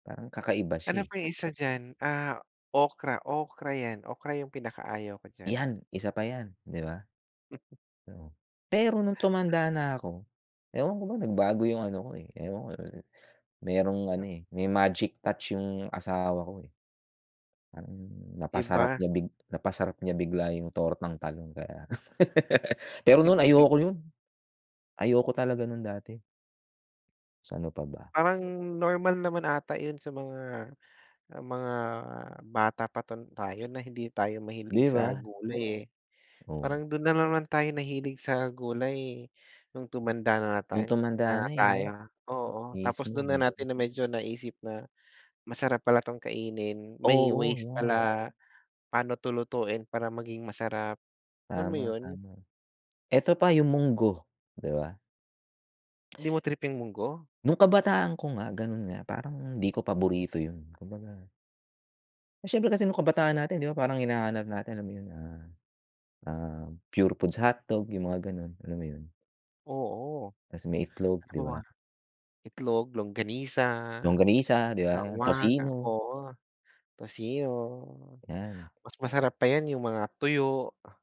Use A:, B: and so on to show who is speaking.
A: Parang kakaiba
B: Ay
A: siya, eh.
B: naku yung isa diyan? Ah, okra. Okra 'yan. Okra yung pinakaayaw ko diyan.
A: 'Yan, isa pa yan, 'di ba?
B: M
A: Oo. Pero no'ng tumanda na ako, ewan ko ba? Nagbago yung ano ko, eh, ewan ko. Merong ano, eh, may magic touch yung asawa ko, eh. Parang
B: 'Di
A: napasarap
B: ba?
A: niya big napasarap niya bigla yung tortang talong kaya Pero no'n, ayoko ko yun. Ayoko talaga no'n dati. Sa ano pa ba?
B: Parang normal naman ata yun sa mga, ah, mga bata pa ta tayo na hindi tayo mahilig
A: 'Di
B: sa
A: ba?
B: gulay, eh.
A: Oh.
B: Parang do'n na naman tayo mahilig sa gulay, no'ng tumanda na
A: No'ng
B: tayo na
A: tumanda na, eh,
B: tayo.
A: 'no?
B: Oo. Tapos
A: Mismo,
B: do'n na natin
A: mismo.
B: na medyo naisip na, masarap pala 'tong kainin. May
A: Oo,
B: ways
A: 'yan.
B: pala, pa'no 'to lutuin para maging masarap. Alam mo
A: Tama,
B: yun?
A: tama. Eto pa, yung munggo, 'di ba?
B: 'Di mo trip yung munggo?
A: No'ng kabataan ko nga, gano'n nga. Parang 'di ko paborito yun. Kumbaga Siyempre kasi no'ng kabataan natin, 'di ba parang hinahanap natin, alam mo yun? Ah, ah, purefoods hotdog, yung mga gano'n. Alam mo yun?
B: Oo.
A: Tas may itlog, 'di ba?
B: [unintelligible] Itlog, longanisa,
A: Longanisa, 'di ba?
B: [unintelligible]
A: Tocino.
B: oo, tocino.
A: 'Yan.
B: Mas masarap pa 'yan, yung mga tuyo.